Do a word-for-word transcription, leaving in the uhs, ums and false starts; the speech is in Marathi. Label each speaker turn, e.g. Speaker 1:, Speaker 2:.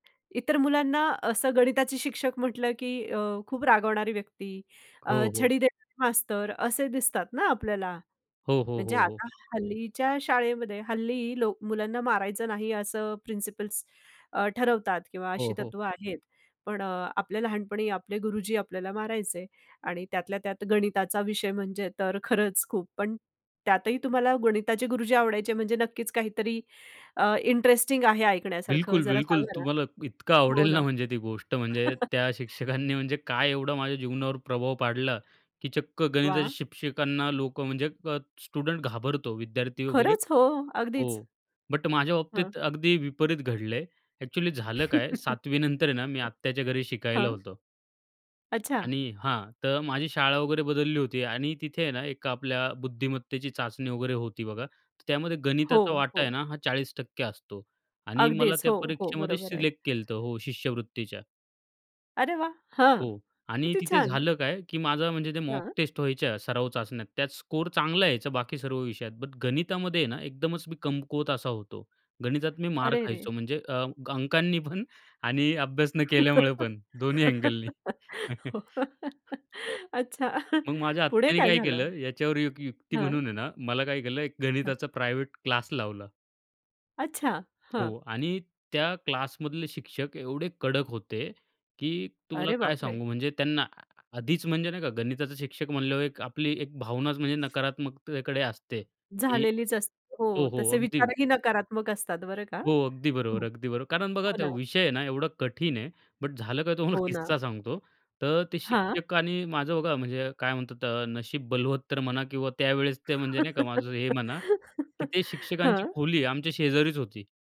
Speaker 1: इतर मुलांना असं गणिताचे शिक्षक म्हटलं की अ, खूप रागवणारी व्यक्ती, अ,
Speaker 2: हो, हो.
Speaker 1: छडी देणारे मास्तर असे दिसतात ना आपल्याला.
Speaker 2: हो, हो,
Speaker 1: म्हणजे
Speaker 2: हो, हो.
Speaker 1: आता हल्लीच्या शाळेमध्ये, हल्ली लोक मुलांना मारायचं नाही असं प्रिन्सिपल्स अ, ठरवतात किंवा अशी
Speaker 2: हो, हो.
Speaker 1: तत्व आहेत. पण अ, आपल्या लहानपणी आपले गुरुजी आपल्याला मारायचे आणि त्यातल्यात्यात गणिताचा विषय म्हणजे तर खरंच खूप. पण त्यातही तुम्हाला गणिताचे गुरुजी आवडायचे म्हणजे नक्कीच काहीतरी अ, इंटरेस्टिंग आहे ऐकण्यासारखं जरा
Speaker 2: बिलकुल-बिलकुल.
Speaker 1: सांगा ना?
Speaker 2: तुम्हाला इतकं
Speaker 1: हो
Speaker 2: आवडेल
Speaker 1: ना.
Speaker 2: ना म्हणजे ती गोष्ट, म्हणजे त्या शिक्षकांनी म्हणजे काय एवढा माझ्या जीवनावर प्रभाव पाडला की चक्क गणिताच्या
Speaker 1: वाह!
Speaker 2: शिक्षकांना लोकं म्हणजे अ, स्टुडंट घाबरतो विद्यार्थी वगैरे
Speaker 1: खरंच हो, अगदीच.
Speaker 2: हो. बट माझ्या
Speaker 1: हं.
Speaker 2: बाबतीत अगदी विपरीत घडलं आहे. एक्चुअली झालं काय, सातवी नंतर आहे ना मी आत्याच्या घरी शिकायला
Speaker 1: हां.
Speaker 2: होतो.
Speaker 1: अच्छा.
Speaker 2: आणि हां, तर माझी शाळा वगैरे बदलली होती आणि तिथे आहे ना एका आपल्या बुद्धिमत्तेची चाचणी वगैरे होती बघा. तर त्यामध्ये
Speaker 1: हो,
Speaker 2: गणिताचा वाटा आहे
Speaker 1: हो.
Speaker 2: ना हा चाळीस टक्के असतो आणि मला
Speaker 1: अगदीच.
Speaker 2: त्या
Speaker 1: हो, हो,
Speaker 2: परीक्षेमध्ये
Speaker 1: बरोबर आहे.
Speaker 2: सिलेक्ट केलत हो, शिष्यवृत्तीच्या.
Speaker 1: अरे वाह! हां,
Speaker 2: हो आणि
Speaker 1: किती
Speaker 2: तिथे
Speaker 1: छान!
Speaker 2: झालं काय? की माझा म्हणजे ते मॉक
Speaker 1: हां.
Speaker 2: टेस्ट व्हायच्या, सराव चाचण्या, त्यात स्कोर चांगला यायचा बाकी सर्व विषयात बट गणितामध्ये ना एकदमच मी कमकुवत असा होतो. गणितात मी मार
Speaker 1: अरे रे!
Speaker 2: खायचो म्हणजे अ, अंकांनी पण आणि अभ्यास न केल्यामुळे पण. दोन्ही अँगलनी
Speaker 1: हो, अच्छा.
Speaker 2: मग माझ्या
Speaker 1: पुढे
Speaker 2: आत्याने
Speaker 1: काय
Speaker 2: काय
Speaker 1: झालं?
Speaker 2: केलं, याच्यावर एक युक्ती
Speaker 1: हं.
Speaker 2: म्हणून आहे ना, मला काय केलं एक
Speaker 1: हं.
Speaker 2: गणिताचा प्रायव्हेट क्लास लावला.
Speaker 1: अच्छा, हं.
Speaker 2: हो आणि त्या क्लासमधले शिक्षक एवढे कडक होते की तुम्हाला
Speaker 1: अरे
Speaker 2: काय
Speaker 1: बापरे!
Speaker 2: सांगू, म्हणजे त्यांना आधीच म्हणजे, नाही का, गणिताचा शिक्षक म्हणल्यावर एक आपली एक भावनाच म्हणजे नकारात्मकतेकडे असते, की
Speaker 1: झालेलीच असते. हो,
Speaker 2: हो, हो,
Speaker 1: तसे
Speaker 2: अगदी.
Speaker 1: विचारही नकारात्मक असतात बरं का?
Speaker 2: हो
Speaker 1: हो,
Speaker 2: अगदी बरोबर-अगदी बरोबर. कारण बघा
Speaker 1: हो
Speaker 2: तो
Speaker 1: ना.
Speaker 2: विषय आहे ना, एवढा कठीण आहे, बट झालं काय तुम्हाला
Speaker 1: हो ना.
Speaker 2: किस्सा सांगतो. तर ते
Speaker 1: हां.
Speaker 2: शिक्षकांनी माझं बघा म्हणजे काय म्हणतात त्या नशीब बलवत्तर म्हणा किंवा त्यावेळेस ते म्हणजे नाही का, माझं हे म्हणा की ते शिक्षकांची
Speaker 1: हं.
Speaker 2: खोली आमच्या शेजारीच होती.